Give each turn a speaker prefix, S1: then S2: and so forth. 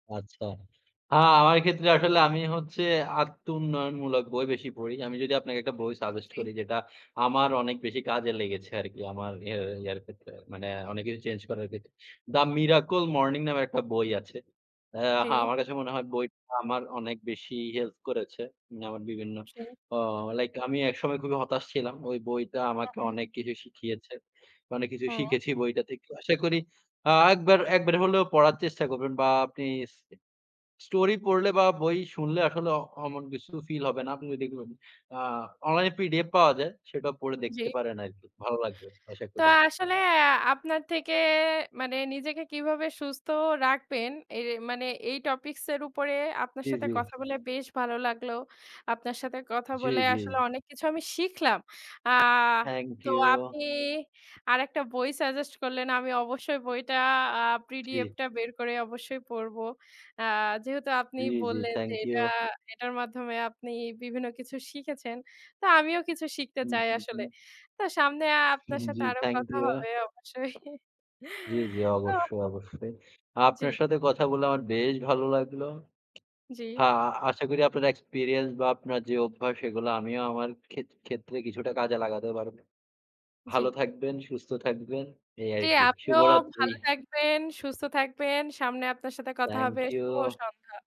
S1: আচ্ছা। আ আমার ক্ষেত্রে আসলে আমি হচ্ছে আত্মউন্নয়নমূলক বই বেশি পড়ি। আমি যদি আপনাকে একটা বই সাজেস্ট
S2: জি।
S1: করি যেটা আমার অনেক বেশি কাজে লেগেছে আরকি। আমার ইয়া ইয়ার ক্ষেত্রে মানে অনেক কিছু চেঞ্জ করার ক্ষেত্রে। "দা মিরাকল মর্নিং" নামের একটা বই আছে। হ্যাঁ
S2: জি।
S1: আমার কাছে মনে হয় বইটা আমার অনেক বেশি হেল্প করেছে। না, আমার বিভিন্ন
S2: জি।
S1: অ লাইক আমি একসময় খুবই হতাশ ছিলাম। ওই বইটা
S2: আ
S1: আমাকে
S2: উম।
S1: অনেক কিছু শিখিয়েছে। অনেক কিছু
S2: হু।
S1: শিখেছি বইটাতে। একটু আশা করি আ একবার একবার হলেও পড়ার চেষ্টা করবেন বা আপনি এস স্টোরি পড়লে বা বই শুনলে আসলে অমন কিছু ফিল হবে না। আপনি দেখবেন আ অনলাইন পিডিএফ পাওয়া যায় সেটা পড়ে
S2: জি।
S1: দেখতে পারেন আরকি। ভালো লাগবে। আশা
S2: তো
S1: করি
S2: আসলে আপনার থেকে মানে নিজেকে কিভাবে সুস্থ রাখবেন, এই রে মানে এই টপিকস এর উপরে আপনার
S1: জ্বী,
S2: সাথে
S1: জ্বী।
S2: কথা বলে বেশ ভালো লাগলো। আপনার সাথে কথা
S1: জ্বী,
S2: বলে
S1: জ্বী।
S2: আসলে অনেক কিছু আমি শিখলাম। আ
S1: থ্যাংক
S2: তো
S1: ইউ।
S2: আপনি আরেকটা বই সাজেস্ট করলেন। আমি অবশ্যই বইটা আ
S1: জি।
S2: পিডিএফটা বের করে অবশ্যই পড়বো। আ যেহেতু আপনি
S1: জ্বি, জ্বি।
S2: বললেন যে
S1: থ্যাংক
S2: এটা
S1: ইউ।
S2: এটার মাধ্যমে আপনি বিভিন্ন কিছু শিখেছেন। তো আমিও কিছু শিখতে
S1: হুম,
S2: চাই
S1: হুম,
S2: আসলে।
S1: হুম।
S2: তো সামনে আপনার
S1: হুম,
S2: সাথে
S1: জ্বি,
S2: আরো
S1: থ্যাংক
S2: কথা
S1: ইউ।
S2: হবে অবশ্যই
S1: জ্বী, জ্বী,
S2: তো
S1: অবশ্যই, অবশ্যই।
S2: জ্বী।
S1: আপনার সাথে কথা বলে আমার বেশ ভালো লাগলো।
S2: জ্বি।
S1: হ্যাঁ, আশা করি আপনার এক্সপেরিয়েন্স বা আপনার যে অভ্যাস সেগুলো আমিও আমার খেত ক্ষেত্রে কিছুটা কাজে লাগাতে পারবো।
S2: জ্বী।
S1: ভালো থাকবেন, সুস্থ থাকবেন, এই আর
S2: জ্বি
S1: কি।
S2: আপনিও
S1: শুভরাত্রি।
S2: ভালো থাকবেন, সুস্থ থাকবেন। সামনে আপনার সাথে কথা
S1: থ্যাংক
S2: হবে।
S1: ইউ।
S2: শুভ সন্ধ্যা।